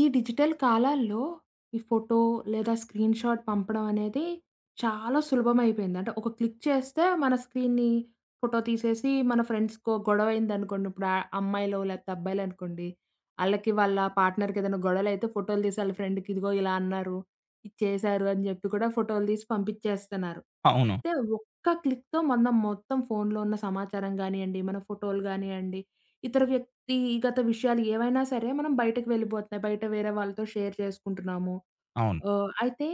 ఈ డిజిటల్ కాలాల్లో ఈ ఫోటో లేదా స్క్రీన్ షాట్ పంపడం అనేది చాలా సులభం అయిపోయింది. అంటే ఒక క్లిక్ చేస్తే మన స్క్రీన్‌ని ఫోటో తీసేసి మన ఫ్రెండ్స్‌కో గొడవదనుకోండి ఇప్పుడు అ అమ్మాయిలో లేపోతే అబ్బాయిలనుకోండి, ఆళ్ళకి వాళ్ళ పార్ట్‌నర్‌కి ఏద‌న్నా గొడవలైతే ఫోటోలు తీసి వాళ్ళ ఫ్రెండ్‌కి ఇదిగో ఇలా అన్నారు. ఇది చేశారు అని జేప్పి కూడా ఫోటోలు తీసి పంపిచేస్తన్నారు. అవును. అంటే ఒక్క క్లిక్‌తో మనం మొత్తం ఫోనులో ఉన్న సమాచారం గానియండి, మన ఫోటోలు గానియండి ఇతర వ్యక్తిగత విషయాలు ఏవైనా సరే! మనం బయటకి వెళ్ళిపోతున్నాయి. బయట వేరే వాళ్ళతో షేర్ చేసుకుంటున్నాము. అవును. ఆహ్, అయితే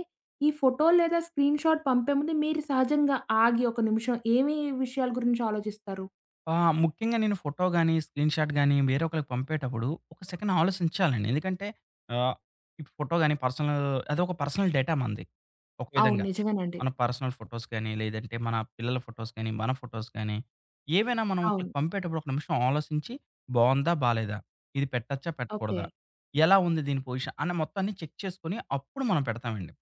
ఈ ఫోటో లేదా స్క్రీన్ షాట్ పంపే ముందు మీరు సహజంగా ఆగి ఒక నిమిషం ఏమి విషయాల గురించి ఆలోచిస్తారు? ఆ! ముఖ్యంగా నేను ఫోటో గాని, స్క్రీన్‌ షాట్ గాని వేరే ఒకళ్ళకి పంపేటప్పుడు ఒక సెకండ్ ఆలోసించాలండి. ఎందుకంటే ఆహ్, ఈ ఫోటో గాని, పర్సనల్ అది ఒక పర్సనల్ డేటా మనది ఒక అవును. విధంగా. నిజమేనండి. మన పర్సనల్ ఫోటోస్ గానీ, లేదంటే మన పిల్లల ఫోటోస్ గానీ మన ఫోటోస్ గానీ, ఏవైనా మనం అవును. ఒకళ్ళకి పంపేటప్పుడు ఒక నిమిషం ఆలోసించి బావుందా? బాలేదా? ఇది పెట్టొచ్చా? పెట్టకూడదా? ఓకే. ఎలా ఉంది దీని పొజిషన్ అనే మొత్తాన్ని చెక్ చేసుకొని అప్పుడు మనం పెడతామండి.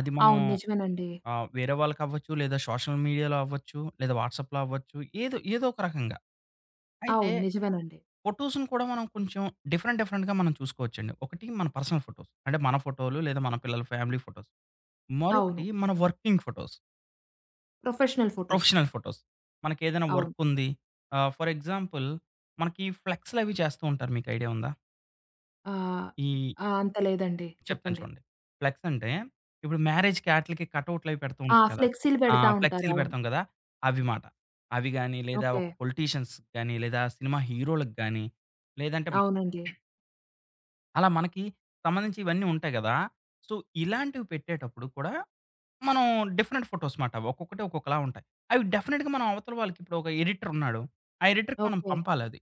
అది మనం అవును. నిజమేనండి. ఆహ్, వేరే వాళ్ళకవ్వచ్చు లేదా సోషల్ మీడియాలో అవ్వచ్చు లేదా వాట్సాప్‌లో అవ్వచ్చు ఏదో ఏదో ఒక రకంగా. అయితే అవును. నిజమేనండి. ఫోటోసుని కూడా మనం కొంచెం డిఫరెంట్ డిఫరెంట్‌గా మనం చూసుకోవచ్చండి. 1 మన పర్సనల్ ఫోటోస్ అంటే మన ఫోటో‌లు లేదా మన పిల్లల ఫ్యామిలీ ఫోటోస్. అవును. మరొకటి మన working photos. Professional photos. Professional photos. మనకెదైనా అవును. వర్క్ ఉంది. ఆహ్, ఫర్ ఎగ్జాంపుల్ మనకి ఫ్లెక్సులు అవి చేస్తా ఉంటారు మీకు ఐడియా ఉందా? ఆహ్, ఈ ఆహ్, అంత లేదండి. చెప్తాను చెప్పండి. చూడండి. ఫ్లెక్స్ అంటే ఇప్పుడు మ్యారేజ్‌కి అట్లీకి కటౌటులు అవి పెడుతూ ఆ! ఉంటారు కదా! ఫ్లెక్సీ‌లు ఆ! బెడతా ఉంటారు. ఫ్లెక్సీ‌లు అవును. బెడతాం కదా! అవి మాట. అవి గాని, లేదా ఒక ఓకే. పొలిటీషియన్స్ గాని, లేదా సినిమా హీరో‌లకి గాని, లేదంటే అవునండి. అలా మనకి. సంబంధించి ఇవన్నీ ఉంటాయి గదా! సో, ఇలాంటివి పెట్టేటప్పుడు కూడా మనం డిఫరెంట్ ఫోటోస్ మాట. అవి ఒక్కొక్కటి ఒక్కొక్కలా ఉంటాయి. అవి డెఫినిట్‌గా మన అవతల వాళ్ళకి ఇప్పుడు ఒక ఎడిటర్ ఉన్నాడు, ఆ ఎడిటర్‌కి మనం ఓకే. పంపాలి అది.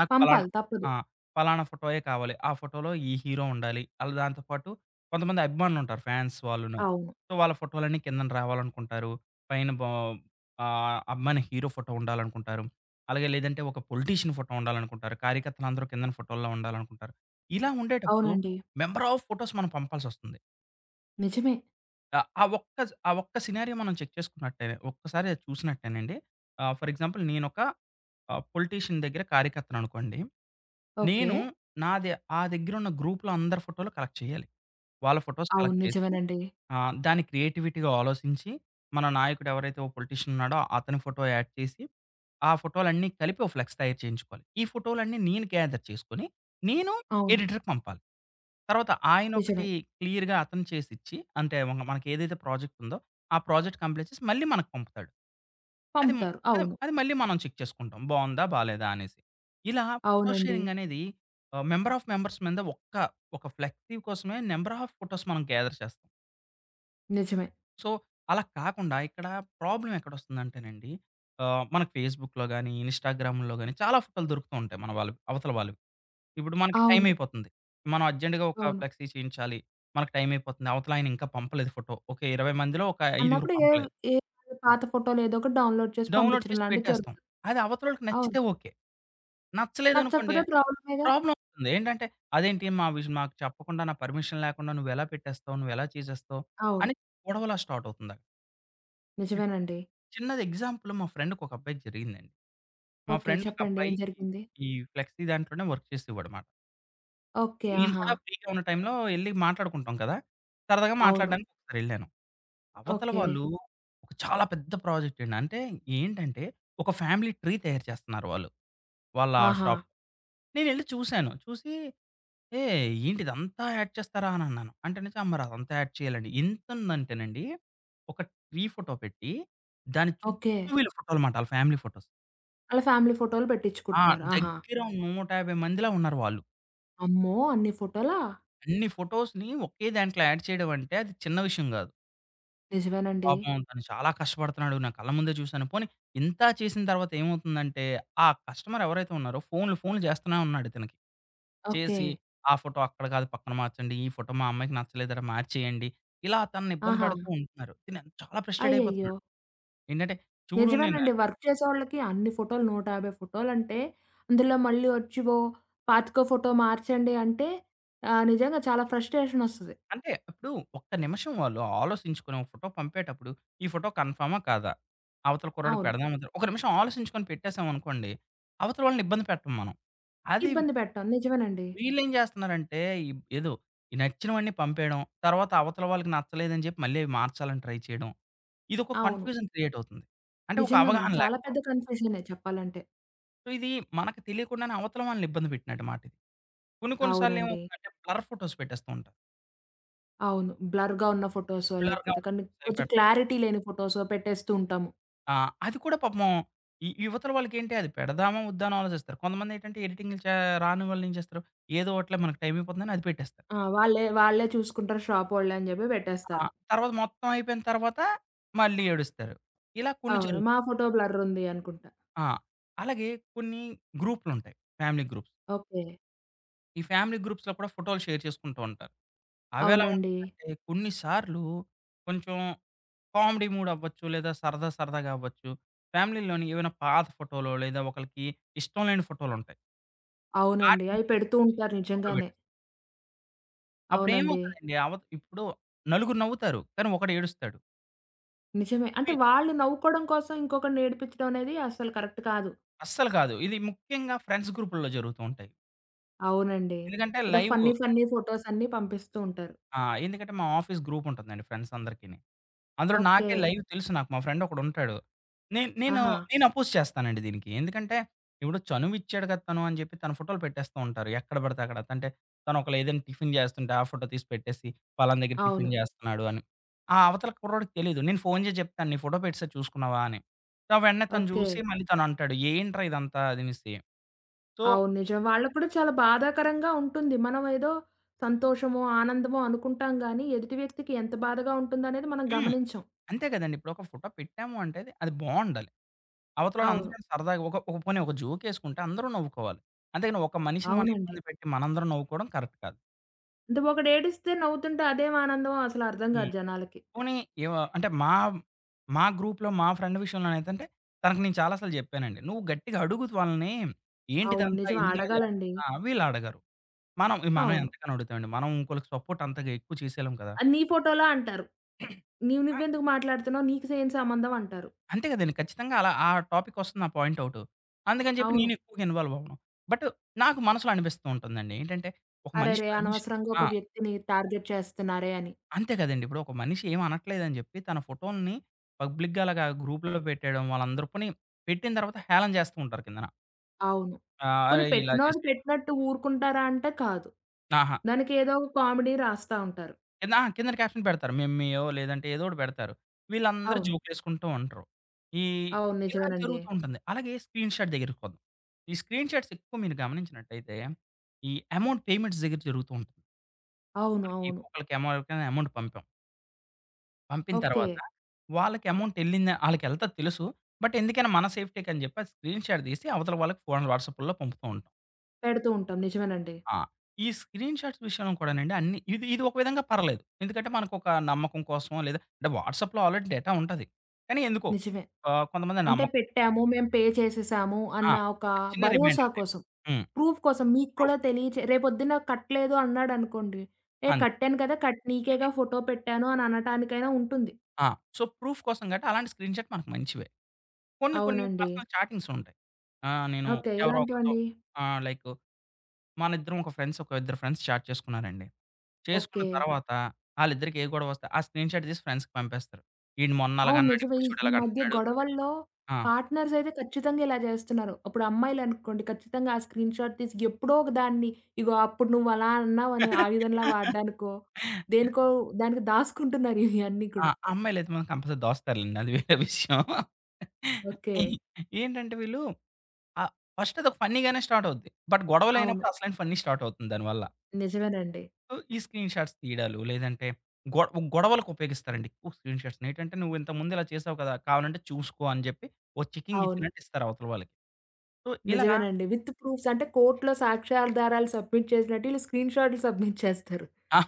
నాకు పలానా పంపాలి తప్పదు. ఆ! పలానా ఫోటోయే కావాలి. ఆ ఫోటోలో ఈ హీరో ఉండాలి, అలా దాంతో పాటు కొంతమంది అభిమానులు ఉంటారు ఫాన్స్ వాళ్ళును. అవును. సో, వాళ్ళ ఫోటోలన్నీ కిందకు రావాలనుకుంటారు, పైన బో ఆహ్, అభిమాని హీరో ఫోటో ఉండాలనుకుంటారు, అలాగే లేదంటే ఒక పొలిటీషియన్ ఫోటో ఉండాలనుకుంటారు, కార్యకర్తలు అందరూ కిందన ఫోటోల్లో ఉండాలనుకుంటారు. ఇలా ఉండేటప్పుడు అవునండి. మెంబర్ ఆఫ్ ఫోటోస్ మనం పంపాల్సొస్తుంది. నిజమే. ఆ! ఆ ఒక్క స్ ఆ ఒక్క సినారియో మనం చెక్ చేసుకున్నట్టే ఒక్కసారి అది చూసినట్టేనండి. ఆహ్, ఫోర్ ఎగ్జాంపుల్ నేను ఒక ఆహ్, పొలిటీషియన్ దగ్గర కార్యకర్తను అనుకోండి, ఓకే. నేను నా ద ఆ దగ్గర ఉన్న గ్రూప్‌లో అందరి ఫోటోలు కలెక్ట్ చేయాలి, వాళ్ళ ఫోటోస్ అవును. కలెక్ట్ చేసి నిజమేనండి. ఆహ్, దాన్ని క్రియేటివిటీ‌గా ఆలోసించి మన నాయకుడు ఎవరైతే ఒక పొలిటీషియన్ ఉన్నాడో అతని ఫోటో యాడ్ చేసి, ఆ ఫోటో‌లన్నీ కలిపి ఓ ఫ్లెక్స్ తయారు చేయించుకోవాలి. ఈ ఫోటో‌లన్నీ నేను గేథర్ చేసుకొని, నేను అవును. ఎడిటర్‌కి పంపాలి. తర్వాత ఆయన ఒకటి నిజమే. క్లియర్‌గా అతను చేసిచ్చి అంటే మెన్న మనకి ఏదైతే ప్రాజెక్టుందో, ఆ ప్రాజెక్ట్ కంప్లీట్ చేసి మళ్ళీ మనకు పంపుతాడు. అది మ్ పంపుతారు. అది అవును. అది మళ్ళీ మనం చెక్ చేసుకుంటాం బావుందా? బాలేదా? అనేసి. ఇలా ఫోటో అవునండి. షేరింగ్ అనేది ఆహ్, మెంబర్ ఆఫ్ మెంబర్స్ మీద ఒక్క ఒక ఫ్లెక్సీ కోసమే నంబర్ ఆఫ్ ఫోటోస్ మనం గేథర్ చేస్తాం. నిజమే. సో అలా కాకుండా ఇక్కడ ప్రాబ్లమ్ ఎక్కడొస్తుందంటేనండి. ఆహ్, మన ఫేస్‌బుక్‌లో గాని, ఇన్స్‌టాగ్రాముల్లో గాని, చాలా ఫోటో‌లు దొరుకుతూ ఉంటాయి మనవాళ్ళకు, అవతల వాళ్ళవి. ఇప్పుడు మనకి టైం అవును. అయిపోతుంది. మనం అర్జెంట్‌గా ఒక అవును. ఫ్లెక్సీ చేయించాలి. మనకు టైం అయిపోతుంది. అవతలాయన ఇంకా పంపలేదు ఫోటో. ఒక 20 మందిలో ఒక ఐదుగురివి అన్నప్పుడు ఎవ్ పంపలేదు. ఎదో పాత ఫోటోలు ఏదోకటి డౌన్‌లోడ్ చేసి డౌన్‌లోడ్ పంపిచ్చడం చేసి లాంటిది పెట్టేస్తాం. జరుగుతుంది. అది అవతలోళ్ళకి అవును. నచ్చితే ఓకే. నచ్చలేదనుకోండి నచ్చకపోతే ప్రాబ్లమే‌‌గా! ప్రాబ్లమ్ అవుతుంది ఏంటంటే, "అదేంటి మా విజ్ మాకు చెప్పకుండా, నా పర్మిషన్ లేకుండా నువ్వెలా పెట్టేస్తావు? నువ్వెలా చేసేస్తావు?" అవును. అని గొడవలా స్టార్ట్ అవుతుంది. అక్ నిజమేనండి. చిన్నది ఎగ్జాంపుల్ మా ఫ్రెండ్‌కి ఒక అబ్బాయికి జరిగిందండి. మా ఓకే. ఫ్రెండ్ ఒక చెప్పండి ఏం అబ్బాయి, జరిగింది? ఈ ఫ్లెక్సీ దాంట్లోనే వర్క్ చేసేవాడమాట. ఓకే. నేను ఆహా! కూడా ఫ్రీ‌గా ఉన్న టైంలో ఎళ్లి మాట్లాడుకుంటాం కదా! సరదాగా అవును. మాట్లాడడానికి ఒకసారెళ్ళాను. అవతల ఓకే. వాళ్ళు చాలా పెద్ద ప్రాజెక్ట్ అండి. అంటే ఏంటంటే ఒక ఫ్యామిలీ ట్రీ తయారు చేస్తున్నారు వాళ్ళు. వాళ్ళ షాప్ ఆహా! నేనెళ్లి చూసాను. చూసి "ఏహ్! ఏంటిదంతా యాడ్ చేస్తారా?" అని అన్నాను. అంటేనిచి మరదంతా యాడ్ చేయాలని. ఎంతుందంటేనండి, ఒక ట్రీ ఫోటో పెట్టి, దాని ఓకే. చుట్టూ వీళ్ళ ఫోటో‌లు మాట ఆళ్ళ ఫ్యామిలీ ఫోటోస్. ఆళ్ళ ఫ్యామిలీ ఫోటోలు ఆ! బెట్టిచ్చుకుంటున్నారు. ఆహా! దెగ్గిర 150 మందిలా ఉన్నారు వాళ్ళు. అమ్మో! అన్ని ఫోటోలా? అన్ని ఫోటోస్‌ని ఒకే దాంట్లో యాడ్ చేయడం అంటే అది చిన్న విషయం గాదు. నిజమేనండి. పాపం తను చాలా కష్టపడుతున్నాడు. నా కళ్ళ ముందే జూశాను. పోనీ ఇంత చేసిన తరువాత ఏమవుతుందంటే ఆ కస్టమర్ ఎవరైతే ఉన్నారో ఫోనులు, ఫోనులు జేస్తూనే ఉన్నాడు ఇతనకి. "చేసి, ఓకే. ఆ ఫోటో అక్కడ గాదు పక్కన మార్చండి. ఈ ఫోటో మా అమ్మాయికి నచ్చలేదట, మార్చేయండి." ఇలా తనని ఇబ్బంది ఆహా! బెడుతూ ఉంటున్నారు. తిను చాలా ఫ్రస్ట్రేట్ అయ్యయ్యో! అయిపోతున్నాడు. ఏంటంటే చూడు నేను అ నిజమేనండి. వర్క్ చేసే వాళ్ళకి అన్ని ఫోటోలు 150 ఫొటోలంటే అందులో మళ్ళీ ఒచ్చి "ఓ 25 ఫోటో మార్చండి" అంటే ఆహ్, నిజంగా చాలా ఫ్రస్ట్రేషన్ ఒస్తది. అంటే, ఇప్పుడు ఒక్క నిమిషం వాళ్ళు ఆలోసించుకొనో ఒక ఫోటో పంపేటప్పుడు, ఈ ఫోటో కన్‌ఫర్మా కాదా? అవతల కుర్రాడికి అవును. పెడదామా ఒద్దా? ఒక నిమిషం ఆలోసించుకొని పెట్టేసామనుకోండి అవతల వాళ్ళని ఇబ్బంది పెట్టం మనం. అది ఇబ్బంది పెట్టం, నిజమేనండి. వీళ్ళేం జేస్తున్నారంటే, ఇబ్ ఏదో ఈ నచ్చినవన్నీ పంపేయడం. తర్వాత అవతల వాళ్ళకి నచ్చలేదని జెప్పి, మళ్ళీ అవి మార్చాలని ట్రై చేయడం. ఇదొక అవును. కన్‌ఫ్యూజన్ క్రియేటవుతుంది. అంటే ఒక నిజంగానండి. అవగాహన చాలా లేకపోవడం. పెద్ద కన్ఫ్యూజనే చెప్పాలంటే. సో ఇది మనకు తెలియకుండానే అవతల వాళ్ళనిబ్బంది పెట్టినట్టు మాటే. కొన్ని, కొన్ని సార్లు అవునండి. ఏమవుతుందంటే బ్లర్ ఫోటోస్ పెట్టేస్తూ ఉంటాం. అవును. బ్లర్‌గా ఉన్న ఫోటోసో బ్లర్‌గా లేకపోతే ఉన్న కానీ ఫోటోసే కొంచెం పెట్ క్లారిటీ లేని ఫోటోసో పెట్టేస్తూ ఉంటాము. ఆ! అది కూడా పాపము. ఇ ఇవతల వాళ్ళకేంటి అది పెడదామా? వద్దా? అని ఆలోచిస్తారు. కొంతమందేంటంటే ఎడిటింగులు చా రాని వాళ్ళు ఏం జేస్తారు? ఏదో ఒకటిలే మనకు టైమైపోతుందని అది పెట్టేస్తారు. ఆ! వాళ్ళే వాళ్ళే చూసుకుంటారు షాపోళ్ళే అని జేప్పి ఆ! పెట్టేస్తారు. తర్వాత మొత్తం అయిపోయిన తరువాత మళ్ళీ ఏడుస్తారు. ఇలా కొన్ని అవును. మా జరుగుతుం ఫోటో బ్లర్రుంది అనుకుంటా ఆ! అలాగే కొన్ని గ్రూపులుంటాయి. Family groups. ఓకే. ఈ ఫ్యామిలీ గ్రూప్స్‌లో కూడా ఫోటో‌లు షేర్ చేసుకుంటూ ఉంటారు. అవెలా అవునండి. ఉంటుందంటే కొన్ని సార్లు కొంచెం కామెడీ మూడ్ అవ్వచ్చు, లేదా సరదా సరదాగా అవ్వచ్చు. ఫ్యామిలీ‌లోని ఏవైనా పాత ఫోటో‌లో, లేదా ఒకళ్ళకి ఇష్టం లేని ఫోటో‌లుంటాయి. అవునండి. వాటిని అయి పెడుతూ తీసుకొచ్చి ఉంటారు గ్రూప్‌లో నిజంగానే. బెట్ అవునండి. అప్పుడేమోవుతదండి? అవత్ ఇప్పుడు నలుగురు నవ్వుతారు, కానీ ఒకడేడుస్తాడు. నిజమే. అంటే పి వాళ్ళు నవ్వుకోవడం కోసం ఇంకొకడినేడిపించడం అనేది అస్సలు కరెక్ట్ కాదు. అస్సలు కాదు. ఇది ముఖ్యంగా ఫ్రెండ్స్ గ్రూపుల్లో జరుగుతూ ఉంటాయి. అవునండి. ఎందుకంటే ఏదో ఫన్నీ లైవు. ఫన్నీ ఫోటోస్ అన్నీ పంపిస్తూ ఉంటారు. ఆ! ఎందుకంటే మా ఆఫీస్ గ్రూప్ ఉంటుందండి ఫ్రెండ్స్ అందరికినీ. అందులో ఓకే. నాకే లైవ్ తెలుసు నాకు. మా ఫ్రెండ్ ఒకడుంటాడు. నేన్ నేను, ఆహా! నేను అపోజ్ చేస్తానండి దీనికి. ఎందుకంటే, ఇప్పుడు చనువు ఇచ్చాడు గదా! తను అని చెప్పి తన ఫోటోలు పెట్టేస్తూ ఉంటారు. ఎక్కడ బడితే అక్కడ. తంటే తను ఒకేల ఏదైనా టిఫిన్ జేస్తుంటే ఆ ఫోటో తీసి పెట్టేసి పలనా దగ్గర టిఫిన్ అవును. జేస్తున్నాడు అని. ఆ అవతల కుర్రాడికి తెలీదు నేను ఫోను చేసి జెప్తాను "నీ ఫోటో పెట్టేసాడు చూసుకున్నావా?" అని. సో వెంటనే తను జూసి ఓకే. మళ్ళీ తనంటాడు "ఏంట్రా ఇదంతా?" అదనేసి. సో అవును. నిజం. వాళ్ళకి కూడా చాలా బాధాకరంగా ఉంటుంది. మనం ఏదో సంతోషమో, ఆనందమో అనుకుంటాం‌ గాని, ఎదుటి వ్యక్తికి ఎంత బాధగా ఉంటుందనేది మనం హ్మ్. గమనించం. అంతే గదండీ ఇప్పుడు, ఒక ఫోటో పెట్టాము అంటే అది, అది బావుండాలి. అవతల ఆళ్ళు అందరూ అవును. సరదాగా ఒక ఒక పోనీ ఒక జోక్ ఎసుకుంటే అందరూ నవ్వుకోవాలి. అంతేగాని, ఒక మనిషిని మనం అవునండి. ఇబ్బంది పెట్టి మనందరం నవ్వుకోవడం కరెక్ట్ కాదు. అంటే ఒకడేడుస్తే నవ్వుతుంటే అదేం ఆనందమో అసలు అర్థం గాదు హ్మ్. జనాలకి. పోనీ ఏవ అంటే మా, మా గ్రూప్‌లో మా ఫ్రెండ్ విషయంలోనైతంటే తనకు నేను చాలా సార్లు జెప్పానండి. "నువ్వు గట్టిగా అడుగు వాళ్ళని. అవును. ఏంటిదంతా? నిజం. ఎందుకిలా అడగాలండి. జేస్తున్నా" ఆహ్, వీళ్ళు అడగరు. మనం, మనం అవును. ఎంతకని అడుగుతామండి. మనం ఇంకోళ్ళకి సపోర్ట్ అంతగా ఎక్కువ చేసేయలేం కదా! "అది నీ ఫోటో‌లా?" అంటారు. "నీవు ఆ! నువ్వు ఎందుకు మాట్లాడుతున్నావు? నీకు సే ఏం సంబంధం?" అంటారు. అంతే గదండీ. ఖచ్చితంగా. అలా ఆ టాపిక్ ఒస్తుంది ఆ పాయింట్ ఔట్. అందుకని జెప్పి అవును. నేనెక్కువగా ఇన్‌వాల్వ్ అవ్వను. బట్ నాకు మనసులో అనిపిస్తూ ఉంటుందండి. ఏంటంటే ఒక మనిషి అరెరే! పర్మిషన్ అనవసరంగా ఆ! ఒక వ్యక్తిని టార్గెట్ చేస్తన్నారే అని. అంతే గదండీ. ఇప్పుడు ఒక మనిషి ఏమనట్లేదని జెప్పి, తన ఫోటో‌లని పబ్లిక్‌గా అలాగా గ్రూప్‌లలో బెట్టేయడం వాళ్ళందరూ పోని పెట్టిన తర్వాత హేళన జేస్తూ ఉంటారు కిందన. అవును. ఆ! పోని అరేయ్! ఇలా పెట్టినోళ్ళు జేస్తె పెట్టినట్టు ఊరుకుంటారా అంటే కాదు. ఆహా! దానికి ఏదో ఒక కామెడీ రాస్తా ఉంటారు. కింద ఆ! కిందన క్యాప్షన్ పెడతారు. మిమ్మీయో లేదంటే ఏదోకటి బెడతారు. వీళ్ళందరూ అవును. జోకులేసుకుంటూ ఉంటారు. ఈ అవును. ఇలా నిజమేనండి. జరుగుతూ ఉంటుంది. అలాగే స్క్రీన్‌షాట్ దెగ్గరికొద్ ఈ స్క్రీన్‌షాట్స్ ఎక్కువ మీరు గమనించినట్టయితే ఈ అమౌంట్ పేమెంట్స్ దెగ్గర జరుగుతూ ఉం అవును. మనకి అవును. ఒక్కొక్కలకేమో ఎవరికైనా అమౌంట్ పంపాం. పంపిన ఓకే. తర్వాత వాళ్ళకి అమౌంట్ ఎళ్ళిందా? ఆళ్ళకెళ్తది తెలుసు. బట్ ఎందుకైనా మన సేఫ్టీకని జెప్పి అది స్క్రీన్‌షాట్ దీసి అవతల వాళ్ళకి ఫోన్ వాట్సాప్పుల్లో పంపుతూ ఉంటాం. పెడుతూ ఉంటాం. నిజమేనండి. ఆ! ఈ స్క్రీన్‌షాట్స్ విషయంలో కూడానండి అన్ని ఇది ఇది ఒక విధంగా పర్లెదు. ఎందుకంటే మనకొక నమ్మకం కోసమో లేదా అంటే వాట్సాప్‌లో ఆల్రెడీ డేటా ఉంటది. కానీ ఎందుకో నిజమే. ఆహ్, కొంతమంది అంటే నమ్మకం. పెట్టాము. మేము పే చేసేసాము ఆ! అన్న ఒక ఒక చిన్న భరోసా రిమైండరండి. కోసం హ్మ్. ప్రూఫ్ కోసం. మీకు కూడా ప్రూఫ్. తెలియచే రేపు పొద్దున్న కట్టలేదు అన్నాడనుకోండి, ఏ అంతే. కట్టాను కదా! కట్ నీకే గదా ఫోటో పెట్టాను అననటానికైనా ఉంటుంది. ఆ! సో, ప్రూఫ్ కోసం గాట్టి అలాంటి స్క్రీన్‌షాట్ మనకు మంచివే. కొన్ని కొన్ని అవునండి. పర్సనల్ చాటింగ్స్ ఉంటాయి. ఆహ్, నేను ఓకే. ఎవరో ఒకరితో ఎలాంటివండి? ఆహ్, లైకు మనిద్దరం ఒక ఫ్రెండ్స్ ఒక ఇద్దరు ఫ్రెండ్స్ చాట్ చేసుకున్నారండి. చేసుకున్న ఓకే. తర్వాత ఆళ్ళిద్దరికీ ఏ గొడవొస్తే ఆ స్క్రీన్‌షాట్ దీసి ఫ్రెండ్స్‌కి పంపేస్తారు. ఈడు మొన్న అవును. అలాగన్నాడు, నిజమే ఇప్పుడు ఈ చూడు ఈ మధ్య ఇలాగంటన్నడు గొడవల్లో ఆ! పార్ట్‌నర్స్ అయితే ఖచ్చితంగా ఇలా జేస్తున్నారు. అప్పుడు అమ్మాయిలనుకోండి ఖచ్చితంగా ఆ స్క్రీన్‌షాట్ తీసి ఎప్పుడో ఒక దాన్ని ఇగో అప్పుడు నువ్వలా అన్నావు ఆయుధంలా వాడ్డానికో, దేనికో దానికి దాసుకుంటున్నారు ఇయన్నీ ఆ! కూడా. అమ్మాయిలయితే మాత్రం కంపల్సరీ దాస్తారులెండి అది వేరే విషయం. ఈ ఓకే. ఏంటంటే వీళ్ళు అ ఫస్ట్‌ అదోక ఫన్నీగానే స్టార్ట్ అవుద్ది. బట్ అవును. గొడవలయినప్పుడసలైన ఫన్నీ స్టార్ట్ అవుతుంది దాని వల్ల. నిజమేనండి. ఉ ఈ స్క్రీన్‌షాట్స్ తీయడాలు లేదంటే గొ గొడవలకు ఉపయోగిస్తారండి ఎక్కువ స్క్రీన్‌షాట్స్. నేటంటే నువ్వు ఇంతకు ముందు ఇలా చేసావు గదా! కావాలంటే చూసుకో అని చెప్పి ఒక చెకింగ్ అవును. ఇచ్చినట్టు ఇస్తారు అవతలి వాళ్ళకి. సో ఇలాగ నిజమేనండి. విత్ ప్రూఫ్స్ అంటే కోర్ట్‌లొ సాక్ష్యాధారాలు సబ్మిట్ చేసినట్టు ఈళ్ళు స్క్రీన్ షాట్‌లు సబ్మిట్ చేస్తారు. ఆ!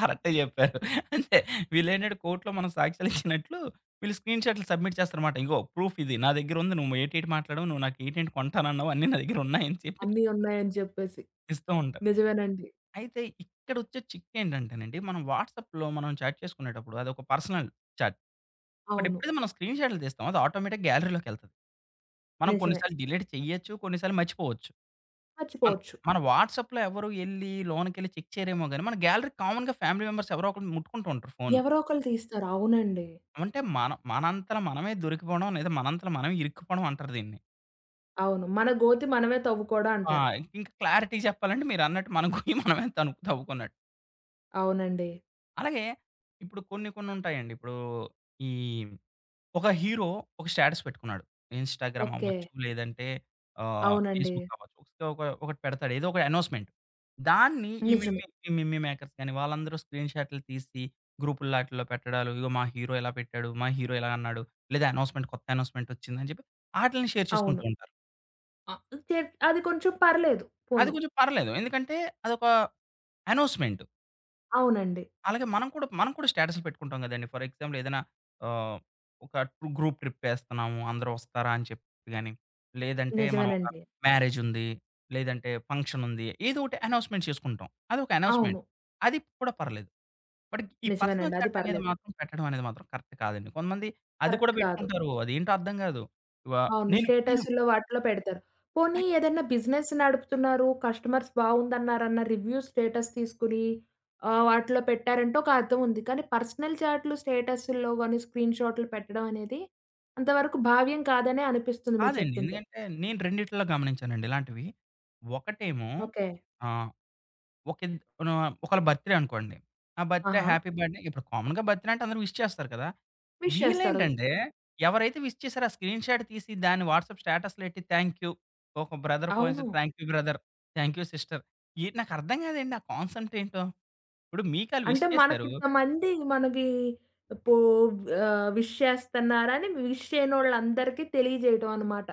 కరెక్టే జెప్పారు. అంతే. వీళ్ళేంటంటే కోర్ట్‌లో మనం సాక్ష్యాలు ఇచ్చినట్లు వీళ్ళు స్క్రీన్‌షాట్‌లు సబ్మిట్ చేస్తారన్నమాట. ఇదిగో ప్రూఫ్ ఇది నా దగ్గరుంది నువ్వు ఏటేటి మాట్లాడావు, నువ్వు నాకు ఎటి ఏంటి కొంటానన్నావు అన్ని నా దగ్గర ఉన్నాయి అని చెప్పి అన్ని ఉన్నాయని జెప్పేసి. ఇస్తూ ఉంటారు. నిజమేనండి. అయితే ఇక్కడొచ్చే చిక్కేంటంటే నండి మనం వాట్సాప్‌లో మనం చాట్ చేసుకునేటప్పుడు అదొక పర్సనల్ చాట్. బట్ అవును. ఎప్పుడైతే మనం స్క్రీన్‌షాట్‌లు తీస్తామో అది ఆటోమేటిక్‌ గ్యాలరీలోకెళ్తది. మనం కొన్ని నిజమే. సార్లు డిలీట్ చేయొచ్చు కొన్నిసార్లు మర్చిపోవచ్చు. మనం, మర్చిపోవచ్చు. మన వాట్సాప్‌లో ఎవరు యెళ్లి లోనకెళ్ళి చెక్ చేయరేమో గాని మన గ్యాలరీ కామన్‌గా ఫ్యామిలీ మెంబర్స్ ఎవరో ఒకరు ముట్టుకుంటా ఉంటారు ఫోను. ఎవరో ఒకళ్లు తీస్తారు. అవునండి. అంటే మన మనంతల మనమే దొరికిపోవడం లేదా మనంతల మనమే ఇరుక్కుపోవడం అంటారు దీన్ని. అవును. మన గోతి మనమే తవ్వుకోడ ఆ! అంటారు. ఇంక్ ఇంకా క్లారిటీ జేప్పాలంటే మీరన్నట్టు మన గొయ్యి తను తవ్వుకున్నట్టు. అవునండి. అలాగే ఇప్పుడు కొన్ని, కొన్ని ఉంటాయండి. ఇప్పుడు ఈ ఒక హీరో, ఒక స్టాటస్ పెట్టుకున్నాడు. Instagram okay. అవ్వచ్చు, లేదంటే ఆహ్, అవునండి. ఫేస్‌బుక్ అవ్వచ్చు. సో, ఒక ఒకటి పెడతాడు ఏదో ఒక అనోన్స్‌మెంట్, దాన్ని ఈ నిజమే. మిమ్మి ఈ మిమ్మీ మేకర్స్ గాని, వాళ్ళందరూ స్క్రీన్‌ షాటులు తీసి గ్రూప్‌లో అటిల్లో పెట్టడాలు, "ఇగో మా హీరో ఇలా పెట్టాడు, మా హీరో ఇలా అన్నాడు లేదా అనోన్స్‌మెంట్ కొత్త అనోన్స్‌మెంట్ ఒచ్చింది" అని జెప్పి, అటిల్ని షేర్ అవును. చేసుకుంటూ ఉంటారు. అ కేడ్ అది కొంచెం పర్లేదు అది పోనీ. కొంచెం పర్లేదు. ఎందుకంటే అదొక అనోస్‌మెంటు. అవునండి. అలాగే మనం కూడా మనం కూడా స్టాటసులు పెట్టుకుంటాం గదండీ. ఫర్ ఎగ్జాంల్ ఏద‌న్న ఆహ్, ఒక గ్రూప్ ట్రిప్ ఎస్తున్నాము అందరూ ఒస్తారా అని చెప్పి గాని, లేదంటే మనం ఒక నిజమేనండి. మ్యారేజ్ ఉంది. లేదంటే ఫంక్షన్ ఉంది. ఏదో ఒకటి అనోస్‌మెంట్ చేసుకుంటాం. అదొక అనోస్‌మెంట్. అవును. అది కూడా పర్లేదు. బట్ ఈ పర్సనల్ నిజమేనండి. అది చాట్ అనేది పర్లేదు. మాత్రం పెట్టడం అనేది మాత్రం కరెక్ట్ కాదండి. కొంతమంది అది కూడా కరెక్ట్ కాదు. బెట్టుకుంటారు. అది ఏంటో అర్థం గాదు. వ అవును. నేను నేను స్టేటస్‌ల్లో వాటిలో పెడతారు. పోనీ ఏద‌న్నా బిజినెస్ నడుపుతున్నారు కస్టమర్స్ బావుందన్నారన్న రివ్యూ స్టేటస్ తీసుకొని ఆహ్, వాటిలో పెట్టారంటే ఒక అర్థం ఉంది. కానీ, పర్సనల్ చాట్లు స్టేటసుల్లో గానీ స్క్రీన్ షాట్‌లు పెట్టడం అనేది అంతవరకు భావ్యం కాదనె అనిపిస్తుంది మీరు కాదండి. చెప్తుంటే. ఎందుకంటే నేను రెండిట్లో గమనించానండి ఇలాంటివి. ఒకటేమో ఓకే. ఆహ్, ఒకిన్ ఆహ్, ఒకళ్ళ బర్త్‌ డే అనుకోండి. ఆ బర్త్‌ డే ఆహా! హ్యాపీ బర్డ్‌డే ఇప్పుడు కామన్‌గా బర్త్‌ డే అంటే అందరూ విష్ చేస్తారు కదా! విష్ చేస్తారు. వీళ్ళేంటంటే ఎవరైతే విష్ చేసారో, ఆ స్క్రీన్‌ షాట్ తీసి దాన్ని వాట్సాప్ స్టాటస్‌లో ఎట్టి థాంక్ యూ. ఒక బ్రదర్ ఫోన్ చేసి అవును. Thank you brother, thank you sister ఏటి నాకు అర్థం గాదండి, ఆ కాన్సెప్ట్ ఏంటో. ఇప్పుడు మీకు అళ్ళు విష్ అంటే మనకి చేసారు ఇంతమంది మనకి పో ఆహ్, విష్ చేస్తున్నారని విష్ చేయనోళ్ళందరికీ తెలియజేయటం అనమాట.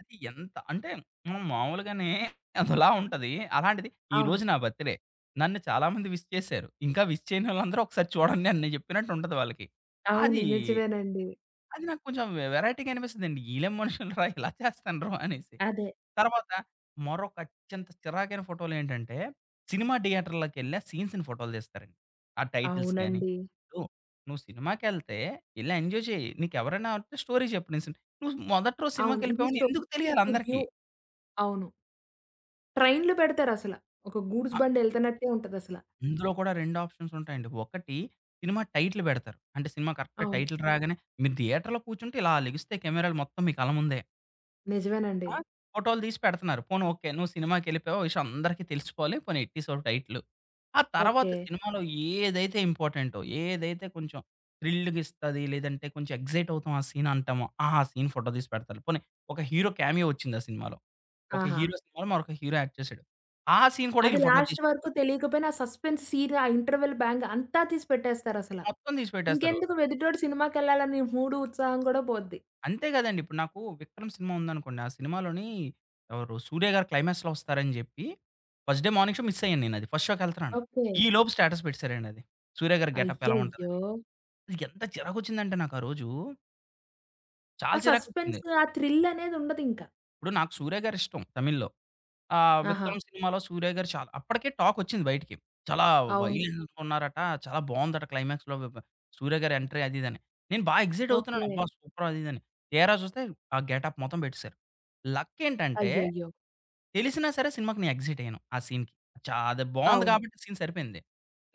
అది ఎంత అంటే, మనం మామూలుగానే అదోలా ఉంటది. అలాంటిది అవును. ఈరోజు నా బర్త్‌డే. నన్ను చాలామంది విష్ చేసారు. ఇంకా విష్ చేయనోళ్ళందరూ ఒకసారి చూడండి అని నేను చెప్పినట్టు ఉంటది వాళ్ళకి. అవును. అది, నిజమేనండి. అది నాకు కొంచెం వె వెరైటీగా అనిపిస్తదండి. ఈళ్ళేం మనుషులు రా! ఇలా ఇలా చేస్తన్న్రు అనేసి. అదే. తర్వాత మరొక అత్యంత చిరాకైన ఫోటోలేంటంటే, సినిమా థియేటర్‌లోకెళ్లి ఆ సీన్స్‌ని ఫోటోలు తీస్తారండి. ఆ టైటిల్స్‌గాని, అవునండి. ను నువ్వు సినిమాకెళ్తే యెళ్ళి ఎంజాయ్ చెయ్యి, నీకెవరైనా వుంటే స్టోరీ చెప్పు నె సిని నువ్వు మొదటి రోజు అవును. సినిమాకి ఇది ఎళ్ళిపోయావని ఎందుకు స్టోరీ తెలియాలి రివ్యూ అందరికి? అవును. ట్రైనులు పెడతారు అసల. ఒక గూడ్సు అ బండి ఎళ్తన్నట్లే ఉంటది అసల. ఇందులో కూడా 2 ఆప్షన్స్ ఉంటాయండి. ఒకటి సినిమా టైటిల్ పెడతారు. అంటే సినిమా కరెక్ట్ అవును. టైటిల్ రాగానే, మీరు థియేటర్‌లో కూర్చుంటే ఇలా లెగిస్తే కెమెరాలు మొత్తం మీ కళ్ళ ముందే. నిజమేనండి. ఆ! ఫోటోలు తీసి పెడుతన్నారు పోనీ ఓకే. నువ్వు సినిమాకెళ్ళిపోయావు విషయం అందరికి తెలిసిపోవాలి పోనీ ఎట్టేశావు టైటిలు. ఆ తరువాత ఓకే. సినిమాలో ఏదైతే ఇంపార్టెంటో, ఏదైతే కొంచెం థ్రిల్‌గా ఇస్తది, లేదంటే కొంచెం ఎగ్జైట్ అవుతాం ఆ సీన్ అంటామో, ఆ సీన్ ఫోటో తీసి పెడతారు. పోనీ, ఒక హీరో కామియో ఒచ్చింది ఆ సినిమాలో. ఒక ఆహా! హీరో సినిమాలో మరొక హీరో యాక్ట్ చేసాడు, ఆ సీన్ కూడా అది వీళ్ళు ఫోటో లాస్ట్ వరకు తీసిపెడతరు. తెలియకపోయినా సస్‌పెన్స్ సీన్, ఆ ఇంటర్వల్ బ్యాంగ్ అంతా తీసి పెట్టేస్తారు అసల. మొత్తం తీసిపెట్టేస్తారు. ఇంకెందుకు? ఎదుటోడు సినిమాకెళ్ళాలని మూడు, ఉత్సాహం కూడా పోద్ది. అంతే గదండి! ఇప్పుడు నాకు 'విక్రమ్' సినిమా ఉందనుకోండి ఆ సినిమాలోని, ఎవరు సూర్యగారు క్లైమాక్స్‌లో వస్తారని జెప్పి first day morning show miss అయ్యాను నేను అది ఫస్ట్ షో‌కి ఎళ్తున్నాను. ఈ ఓకే. లోపు స్టేటస్ పెట్టేసారండి అది. సూర్యగారి గెటప్ ఎలా అయ్యయ్యో! ఉంటదని. నాకేంత చిరాకు ఒచ్చిందంటే నాకారోజు ఆ చాలా సస్పెన్స్ చిరాకొచ్చింది. ఆ థ్రిల్ అనేది ఉండదు ఇంకా. ఇప్పుడు నాకు 'సూర్య' గారు ఇష్టం తమిళ్‌లో. ఆహ్, ఆహా! ;విక్రం' సినిమాలో సూర్య గారు చా అప్పటికే టాకోచ్చింది బయటికి. చాలా అవును. వైల్డ్ ఉన్నారట, చాలా బావుందట క్లైమాక్స్‌లో బ బ 'సూర్య' గారి ఎంట్రీ అదిదని, నేను బా ఎక్సైట్ అవుతున్నాను ఓకే. అబ్బా! సూపర్ అదిదని, తిరా జూస్తే ఆ గెటప్ మొత్తం బెట్టిశారు. లక్ ఏంటంటే అయ్యయ్యో! తెలిసినా సరే సినిమాకి నేను ఎక్సైట్ అయ్యాను ఆ సీన్‌కి. చా అదే బావుంది అవును. గాబట్టి సీన్ సరిపేయింది.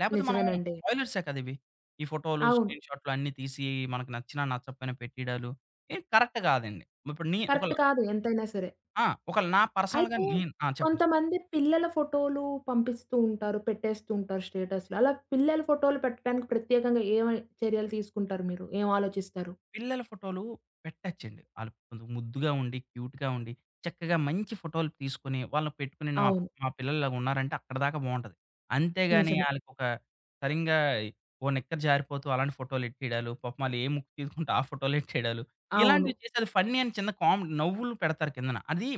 లేపోతే మనం నిజమేనండి. స్పాయిలర్సే కదా! ఇవి. ఈ ఫోటో‌లు అవును. స్క్రీన్‌ షాట్‌లన్నీ తీసి మనకు నచ్చినా నచ్చకపేయినా పెట్టిడా‌లు ఇద్ కరెక్ట్ గాదండి. మిప్పుడు ని కరెక్ట్ ఒకల కాదు ఎంతైనా సరే. ఆ! ఒకల నా పర్సనల్‌గా అయితే నేను ఆ! చెప్పండి? కొంతమంది పిల్లల ఫోటో‌లు పంపిస్తూ ఉంటారు. పెట్టేస్తూంటారు, స్టేటసులు అలా పిల్లల ఫోటోలు పెట్టడానికి ప్రత్యేకంగా ఏవి చర్యలు తీసుకుంటారు మీరు ఏం ఆలోచిస్తారు? పిల్లల ఫోటో‌లు పెట్టొచ్చండి. ఆళ్ళు కొందం ముద్దుగా ఉండి క్యూట్‌గా ఉండి, చక్కగా మంచి ఫోటో‌లు తీసుకొని వాళ్ళని పెట్టుకొని నాప్ అవును. మా పిల్లలు ఇలా ఉన్నారంటే అక్కడిదాకా బావుంటది. అంతేగాని నిజమే. ఆళ్ళకొక సరింగా ఈ ఓ నిక్కర్ జారిపోతూ అలాంటి ఫోటో‌లు ఎట్టిడాలు, పాపం ఆళ్ళు ఏ ముక్కు తీసుకుంటే ఆ ఫోటో‌లే ఎట్టిడాలు, అవును. ఇలాంటివి చేసి అది ఫన్నీ అని చిన్న కామెడీ నవ్వులు పెడతారు కిందన అది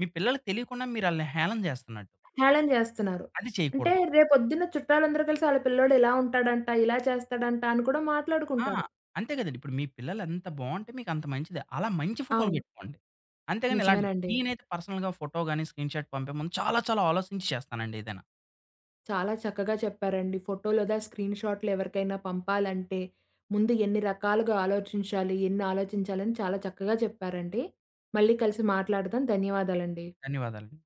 మీ పిల్లలకి తెలియకుండా మీరు ఆళ్ళని హేళన జేస్తన్నట్టు. హేళన జేస్తున్నారు. అది అంటే చేయకూడదు. రేపొద్దున్న చుట్టాలు అందరూ కలిసి ఆళ్ళ పిల్లోడు ఇలా ఉంటాడంట, ఇలా చేస్తాడంట అని కూడా ఆ! మాట్లాడుకుంటారు. అంతే గదండీ. ఇప్పుడు మీ పిల్లలు ఎంత బావుంటే మీకంత మంచిదే. అలా మంచి ఫోటోలు అవును. బెట్టుకోండి. అంతేగాని ఇలాంటి నిజమేనండి. నేనైతే పర్సనల్‌గా ఫోటో గాని స్క్రీన్‌షార్ట్ పంపే ముందు చాలా చాలా ఆలోసించి చేస్తానండి ఏదైనా. చాలా చక్కగా చెప్పారండి, ఫోటో లేదా స్క్రీన్ షాట్‌లు ఎవరికైనా పంపాలంటే ముందు ఎన్ని రకాలుగా ఆలోచించాలి, ఎన్ని ఆలోచించాలని చాలా చక్కగా చెప్పారండి. మళ్ళీ కలిసి మాట్లాడదాం. ధన్యవాదాలండి. ధన్యవాదాలు.